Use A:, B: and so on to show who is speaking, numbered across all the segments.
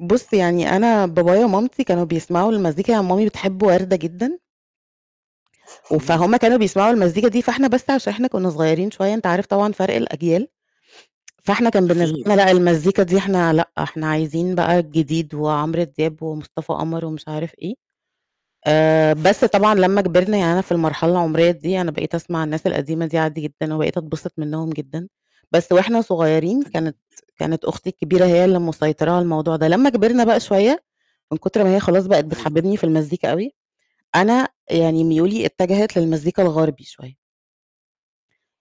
A: بُص يعني أنا، بابايا ومامتي كانوا بيسمعوا المزيكا يعني، مامي بتحب وردة جدًا.
B: امم.
A: وفهُم كانوا بيسمعوا المزيكا دي، فإحنا بس عشان إحنا كُنا صغيرين شوية أنت عارف طبعًا فرق الأجيال فإحنا كان بالنسبة
B: أكيد.
A: لنا لأ، المزيكا دي إحنا لأ، إحنا عايزين بقى الجديد وعمرو دياب ومصطفى قمر ومش عارف إيه، آآ بس طبعًا، لمّا كبرنا يعني، أنا في المرحلة العمرية دي، أنا بقيت أسمع الناس القديمة دي عادي جدًا، وبقيت أتبسط منهُم جدًا، بس وإحنا صغيرين كانت
B: تمام
A: كانت أختي الكبيرة هي اللي مسيطرة على الموضوع ده، لمّا كبرنا بقى شوية، من كتر ما هي خلاص، بقت
B: أيوه.
A: بتحبِّبني في المزيكا أوي، أنا يعني ميولي اتجهت للمزيكا الغربي شوية.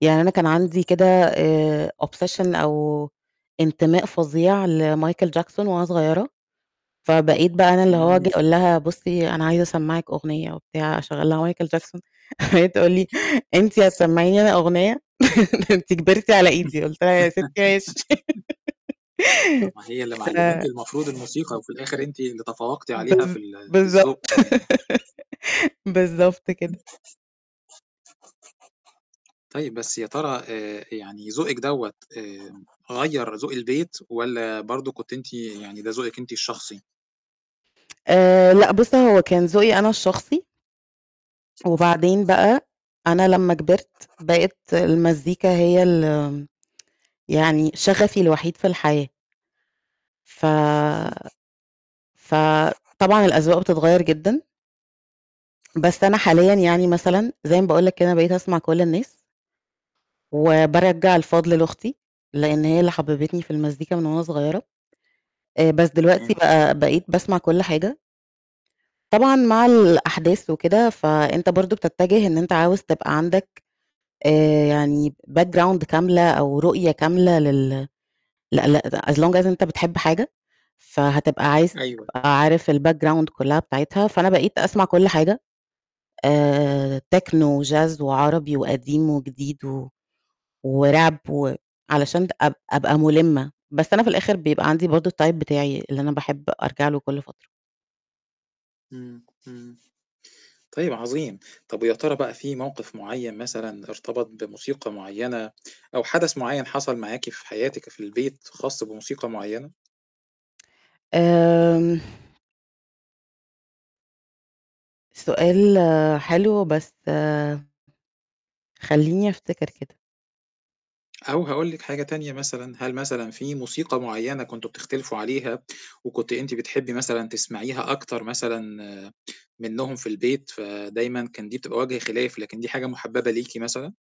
A: يعني أنا كان عندي كده آآ obsession أو انتماء فظيع لمايكل جاكسون وأنا صغيرة، فبقيت بقى أنا اللي هو
B: امم.
A: بيقول لها بُصي، أنا عايز أسمَّعِك أغنية وبتاع أشغَّل لها مايكل جاكسون وهي تقول لي: "أنتِ هتسّمعيني أنا أغنية؟" ده أنتِ كبرتِ على إيدي، قلت لها: "يا ستي ماشي."
B: طبع هي اللي
A: قلت
B: معلِّماكِ
A: لها
B: المفروض الموسيقى، وفي الآخر أنتِ اللي تفوقتِ عليها في
A: بالض
B: ال في
A: بالضبط
B: الذوق كمان.
A: بالضبط كده.
B: طيب، بس يا ترى آآ يعني ذوقِك دوَّة آآ غيَّر ذوق البيت والّا برضه كنتِ أنتِ يعني ده ذوقِك أنتِ الشخصي؟
A: آآ لأ، بُص هو كان ذوقي أنا الشخصي وبعدين بقى أنا لمّا كبرت بقت المزيكا هي ال يعني، شغفي الوحيد في الحياة. ف
B: امم.
A: فطبعًا، الأذواق بتتغيّر جدًا. بس أنا حاليًا يعني مثلًا، زي ما باقول لَك كده أنا بقيت أسمع كل الناس. وبارجَّع الفضل لأختي. لإن هي اللي حبِّبتني في المزيكا من وأنا صغيرة. آآ بس دلوقتي
B: تمام.
A: بقى، بقيت باسمع كل حاجة. طبعًا مع الأحداث وكده فأنت برضه بتتجه إن أنت عاوز تبقى عندك آآ يعني background كاملة أو رؤية كاملة لل [unintelligible] as long as أنت بتحب حاجة فهتبقى عايز
B: أيوه.
A: تبقى عارف الbackground كلّها بتاعِتها فأنا بقيت أسمع كل حاجة آآ تِكنو، وچاز، وعربي، وقديم وجديد و وRap و علشان د أب أبقى مُلِّمة بس أنا في الآخر بيبقى عندي برضه الtype بتاعي اللي أنا باحب أرجع له كل فترة.
B: امم، امم طيب عظيم، طَب ويا ترى بقى في موقف مُعين مثلًا، ارتبط بموسيقى مُعينة أو حدث معين حصل معاكِ في حياتِك في البيت خاص بموسيقى معينة؟
A: آمم سؤال حلو، بس خلّيني أفتكِر كده.
B: أو هاقول لِك حاجة تانية مثلًا، هل مثلًا في موسيقى مُعينة كنتم بتختلِفوا عليها وكنتِ أنتِ بتحبي مثلًا تسمعيها أكتر مثلًا منهم في البيت، فدايمًا كان دي بتبقى وجه خلاف، لكن دي حاجة مُحببة ليكِ مثلًا؟